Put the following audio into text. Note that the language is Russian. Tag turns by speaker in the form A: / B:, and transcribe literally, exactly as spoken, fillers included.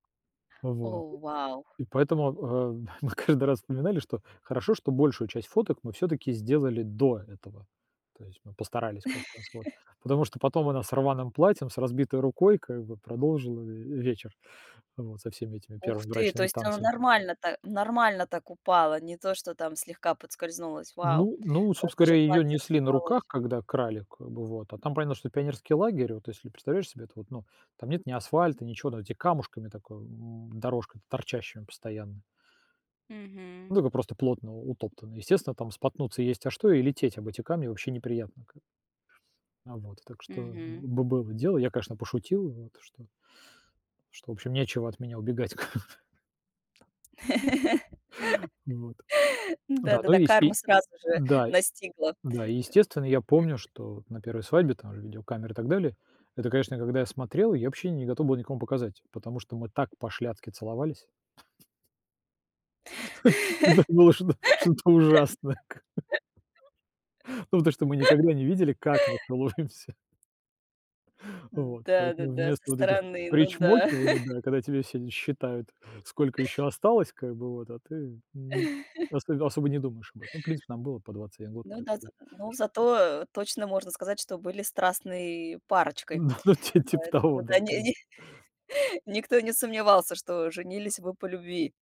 A: Э, вот.
B: О, вау!
A: И поэтому, э, мы каждый раз вспоминали, что хорошо, что большую часть фоток мы всё-таки сделали до этого, то есть мы постарались как раз вот, потому что потом она с рваным платьем, с разбитой рукой как бы продолжила ве вечер, вот со всеми этими
B: Ух
A: первыми
B: ты, то
A: брачными
B: есть оно
A: танцами.
B: нормально та нормально так упала, не то, что там слегка поскользнулось, вау,
A: Ну, ну,
B: раз
A: собственно
B: даже
A: говоря, её
B: платье
A: несли на
B: разорвалось.
A: руках, когда крали, как бы вот, а там понятно, что это пионерский лагерь, вот если представляешь себе, это вот, ну, там нет ни асфальта, ничего, там эти камушками такое, м, дорожка, торчащими постоянно.
B: Мгм.
A: Да, ну просто плотно утоптанный, естественно, там споткнуться есть, а что и лететь об эти камни вообще неприятно как бы. А вот. Так что
B: Мгм.
A: бы было дело, я, конечно, пошутил вот что что в общем, нечего от меня убегать как бы. Вот. Да, ну
B: Да-да-да,
A: и ес
B: карма
A: и
B: сразу же
A: да,
B: настигла.
A: да. И естественно, я помню,
B: Э.
A: что на первой свадьбе там же видеокамеры и так далее, это, конечно, когда я смотрел, я вообще не готов был никому показать, потому что мы так пошляцки целовались. Это было что-то что-то ужасное как бы, ну то что, что мы никогда не видели, как мы целуемся. Вот.
B: Да,
A: Поэтому
B: да-да,
A: вместо
B: со
A: вот этих
B: стороны. Ну да.
A: причмокиваний, да, когда тебе все считают, сколько ещё осталось как бы вот, а ты Мгм. Особ особо не думаешь об этом, ну в принципе, нам было по двадцать один год,
B: Ну да, з
A: поэтому,
B: ну
A: ш
B: зато, э, точно можно сказать, что были страстной парочкой.
A: Ну ну ти типа того
B: Поэтому да
A: да как
B: ни
A: бы.
B: ни никто не сомневался, что женились вы по любви.